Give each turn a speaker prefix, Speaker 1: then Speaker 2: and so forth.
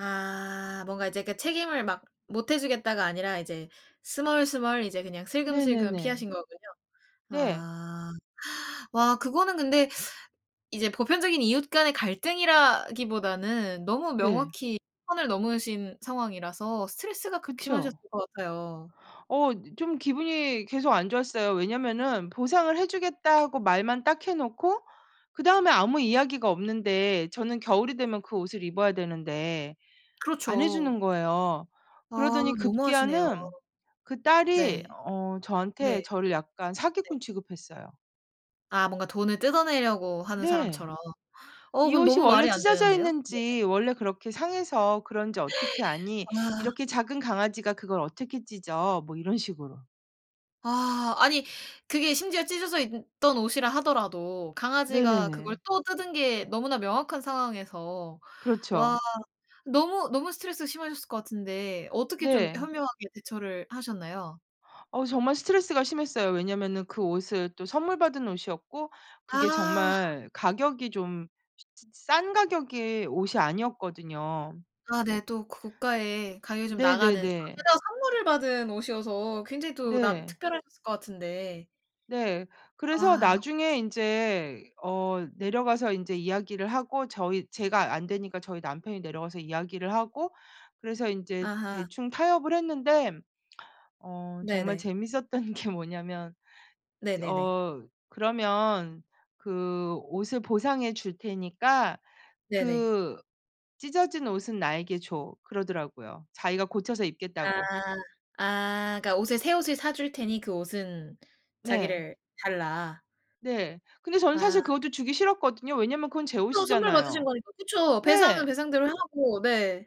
Speaker 1: 아. 뭔가 이제 그 책임을 막 못 해주겠다가 아니라 이제 스멀스멀 이제 그냥 슬금슬금
Speaker 2: 네네네.
Speaker 1: 피하신 거군요.
Speaker 2: 네.
Speaker 1: 아. 와 그거는 근데 이제 보편적인 이웃 간의 갈등이라기보다는 너무
Speaker 2: 네.
Speaker 1: 명확히 선을 넘으신 상황이라서 스트레스가 극심하셨을
Speaker 2: 그쵸.
Speaker 1: 것 같아요.
Speaker 2: 어 이 좀 기분이 계속 안 좋았어요. 왜냐하면은 보상을 해 주겠다고 말만 딱 해 놓고 그다음에 아무 이야기가 없는데 저는 겨울이 되면 그 옷을 입어야 되는데 안 해
Speaker 1: 그렇죠.
Speaker 2: 주는 거예요.
Speaker 1: 아
Speaker 2: 그러더니
Speaker 1: 너무하시네요.
Speaker 2: 급기야는 그 딸이
Speaker 1: 네.
Speaker 2: 어
Speaker 1: 네.
Speaker 2: 저한테 저를 약간
Speaker 1: 네.
Speaker 2: 사기꾼 취급했어요.
Speaker 1: 아 뭔가 돈을 뜯어내려고 하는
Speaker 2: 네.
Speaker 1: 사람처럼. 어
Speaker 2: "이
Speaker 1: 그건
Speaker 2: 옷이
Speaker 1: 너무
Speaker 2: 원래
Speaker 1: 말이 안
Speaker 2: 찢어져
Speaker 1: 되는데요? 네에.
Speaker 2: 있는지 원래 그렇게 상해서 그런지 어떻게 아니?
Speaker 1: 아.
Speaker 2: 이렇게 작은 강아지가 그걸 어떻게 찢어." 뭐 이런 식으로.
Speaker 1: 아. 아니 그게 심지어 찢어져 있던 옷이라 하더라도 강아지가 그걸
Speaker 2: 네네네.
Speaker 1: 또 뜯은 게 너무나 명확한 상황에서 와
Speaker 2: 그렇죠.
Speaker 1: 너무 너무 스트레스가 심하셨을 것 같은데 어떻게 좀
Speaker 2: 네.
Speaker 1: 현명하게 대처를 하셨나요?
Speaker 2: 어 정말 스트레스가 심했어요. 왜냐하면은 그 옷을 또 선물 받은 옷이었고 그게
Speaker 1: 아.
Speaker 2: 정말 가격이 좀 미친 [unintelligible] 싼 가격의 옷이 아니었거든요.
Speaker 1: 아 네. 또 고가의 가격이 좀 나가는
Speaker 2: 네네네.
Speaker 1: 게다가 선물을 받은 옷이어서 굉장히 또 남
Speaker 2: 네.
Speaker 1: 특별하셨을 것 같은데.
Speaker 2: 네. 그래서
Speaker 1: 아.
Speaker 2: 나중에 인제 어 내려가서 인제 이야기를 하고 저희 제가 안 되니까 저희 남편이 내려가서 이야기를 하고 그래서 인제
Speaker 1: 아하.
Speaker 2: 대충 타협을 했는데 어 정말
Speaker 1: 네네.
Speaker 2: 재밌었던 게 뭐냐면
Speaker 1: 네네네.
Speaker 2: 어 "그러면 그 옷을 보상해 줄 테니까
Speaker 1: 네네.
Speaker 2: 그 찢어진 옷은 나에게 줘." 그러더라고요, 자기가 고쳐서 입겠다고.
Speaker 1: 아. 아 그러니까 옷을 새 옷을 사 줄 테니 그 옷은
Speaker 2: 네.
Speaker 1: 자기를 달라.
Speaker 2: 네. 근데 저는
Speaker 1: 아.
Speaker 2: 사실 그것도 주기 싫었거든요. 왜냐하면 그건 제
Speaker 1: 그죠 선물 받으신
Speaker 2: 옷이잖아요.
Speaker 1: 거니까. 그쵸. 배상은
Speaker 2: 네.
Speaker 1: 배상대로 하고 네.